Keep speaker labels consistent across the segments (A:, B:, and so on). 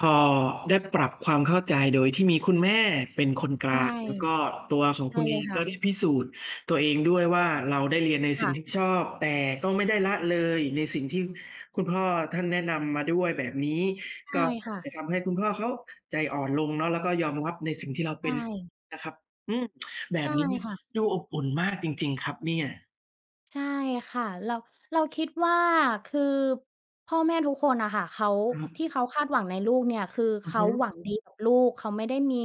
A: พอได้ปรับความเข้าใจโดยที่มีคุณแม่เป็นคนก
B: ใ
A: ล
B: ช่
A: าง แล้วก็ตัวของ
B: ใช
A: ค
B: ่
A: ุณเ
B: เ
A: อ
B: ลย
A: ง
B: ค
A: ก
B: ่
A: ็ไ
B: ะ
A: ด้พิสูจน์ตัวเองด้วยว่าเราได้เรียนในส
B: ค
A: ิ
B: ่
A: ่ง
B: ะ
A: ที่ชอบ แต่ก็ไม่ได้ละเลยในสิ่งที่คุณพ่อท่านแนะนำมาด้วย แบบนี้
B: ใช
A: ก็
B: ่ค่
A: อาจจ
B: ะ
A: ะทำให้คุณพ่อเขาใจอ่อนลงเนาะ แล้วก็ยอมรับในสิ่งที่เรา
B: ใ
A: เ
B: ช
A: ป็น
B: ่
A: นะครับ อืม แบ
B: ใช
A: บ
B: ่
A: นี้เนี้ย
B: ค่ะ
A: ดูอบอุ่นมากจริง ๆ ครับเนี่ย
B: ใช่ค่ะ เรา เราคิดว่า คือพ่อแม่ทุกคนน่ะค่ะ เขา
A: คร
B: ที่
A: ับ
B: เขาคาดหวังในลูกเนี่ยคือ
A: อ
B: เ
A: ือ
B: ข
A: ฮ
B: า
A: ึ
B: หวังดีกับลูก เขาไม่ได้มี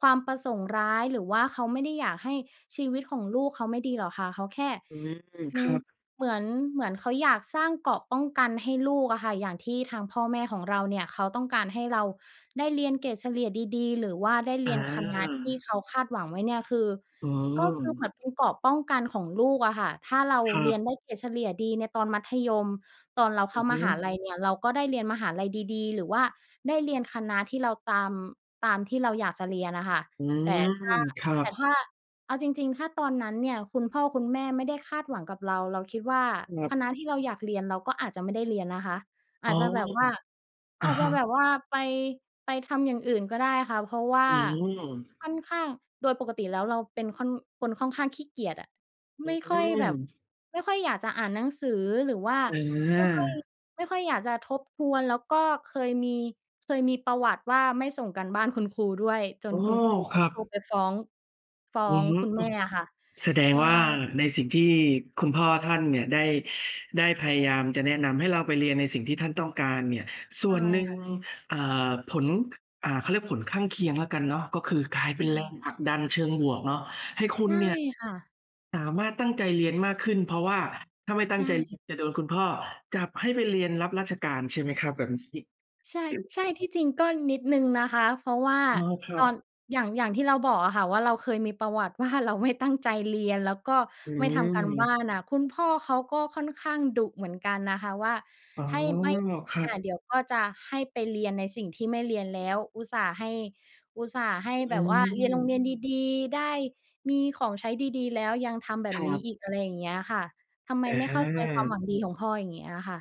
B: ความประสงค์ร้าย หรือว่าเขาไม่ได้อยากให้ชีวิตของลูกเขาไม่ดีหรอกค่ะ เขาแค่
A: อืม
B: ม
A: ครับ
B: เหมือน เหมือนเขาอยากสร้างเกราะป้องกันให้ลูกอะค่ะ อย่างที่ทางพ่อแม่ของเราเนี่ยเขาต้องการให้เราได้เรียนเกรดเฉลี่ยดี ๆ หรือว่าได้เร
A: อ
B: ียน คณะที่
A: า
B: เขาคาดหวังไว้เนี่ย คือ
A: อ๋
B: ก็คือเหม
A: อ
B: ือนเป็นเกราะป้องกันของลูกอะค่ะ ถ้าเรา
A: คร
B: เรียน
A: ับ
B: ได้เกรดเฉลี่ยดีในตอนมัธยม ตอนเราเ
A: อ
B: ข้
A: ื
B: า
A: อฮ
B: ม
A: ึ
B: หาลัยเนี่ยเราก็ได้เรียนมหาลัยดี ๆ หรือว่าได้เรียนคณะที่เราตาม ตามที่เราอยากจะเรียนอะค่ะ
A: อื
B: แต่ถ้า
A: ม ครั
B: แต่ถ
A: บ
B: ้า เอาจริง ๆ ถ้าตอนนั้นเนี่ยคุณพ่อคุณแม่ไม่ได้คาดหวังกับเรา เราคิดว่า
A: ครับ
B: คณะที่เราอยากเรียนเราก็อาจจะไม่ได้เรียนนะคะ อ
A: อ๋อ
B: าจจะแบบว่า
A: อ
B: อ
A: ะ
B: าจจ
A: ฮ
B: ะ
A: ะ
B: แบบว่าไป ไปทำอย่างอื่นก็ได้ค่ะ เพราะว่
A: อ
B: า
A: ืม
B: ค่อนข้าง โดยปกติแล้วเราเป็นค่อน คนค่อนข้างขี้เกียจอะ
A: อื
B: ไม่ค่อยแบบ
A: ม
B: ไม่ค่อยอยากจะอ่านหนังสือ หรือว่า
A: อ
B: ไม่ค่อย
A: า
B: ไม่ค่อยอยากจะทบทวน แล้วก็เคยมี เคยมีประวัติว่าไม่ส่งการบ้านคุณครูด้วย จ
A: อ
B: น
A: ้อ
B: คุณครูต
A: ค
B: ้อ
A: ร
B: ง
A: ั
B: โทร
A: บ
B: ไปฟ้อง ฟ้อ
A: อือ
B: ง
A: ฮึ
B: คุณ แม่อะค่ะ
A: แสดง
B: ใช่
A: ว่าในสิ่งที่คุณพ่อท่านเนี่ยได้ ได้พยายามจะแนะนำให้เราไปเรียนในสิ่งที่ท่านต้องการเนี่ย ส
B: ใช
A: ่
B: ่
A: วนหนึ่ง
B: ค่ะ
A: อ่า ผล อ่า เขาเรียกผลข้างเคียงละกันเนาะ ก็คือกลายเ
B: อ
A: ป
B: ื
A: ็นแร
B: ม
A: งผลักดันเชิงบวกเนาะ ให้คุ
B: ใช
A: ณ
B: ่
A: เนี่ย
B: ค่ะ
A: สามารถตั้งใจเรียนมากขึ้น เพราะว่าถ้าไม่ต
B: ใ
A: ั
B: ช
A: ้งใจเรีย
B: ่
A: นจะโดนคุณพ่อจับให้ไปเรียนรับราชการ ใช่ไหมครับ? แบบนี้
B: ใช่ ใช่ ที่จริงก็นิดหนึ่งนะคะ เพราะว่า
A: อ๋อ คร
B: ต
A: ั
B: อน
A: บ
B: อย่าง อย่างที่เราบอกอะค่ะว่าเราเคยมีประวัติ ว่าเราไม่ตั้ง ใจเรียน แล้วก็
A: อื
B: ไม่ทำการบ้า
A: ม
B: นน่ะ คุณพ่อเขาก็ค่อนข้างดุเหมือนกันนะคะ ว่า
A: อ๋อ
B: ให้ ไม่
A: ครับ
B: [unintelligible] เดี๋ยวพ่อจะให้ไปเรียนในสิ่งที่ไม่เรียนแล้ว อุตส่าห์ให้ อุตส่าห์ให้
A: อ
B: แบ
A: ื
B: บว่า เรียนโ
A: ม
B: รงเรียนดี ๆ ได้มีของใช้ดี ๆ แล้วยังทำแบบ
A: คร
B: นี้
A: ับ
B: อีก อะไรอย่างเงี้ยอะค่ะ ทำไม
A: อ
B: ไม่เข้าใจความ
A: า
B: หวังดีของพ่อ อย่างเงี้ยอะค่ะ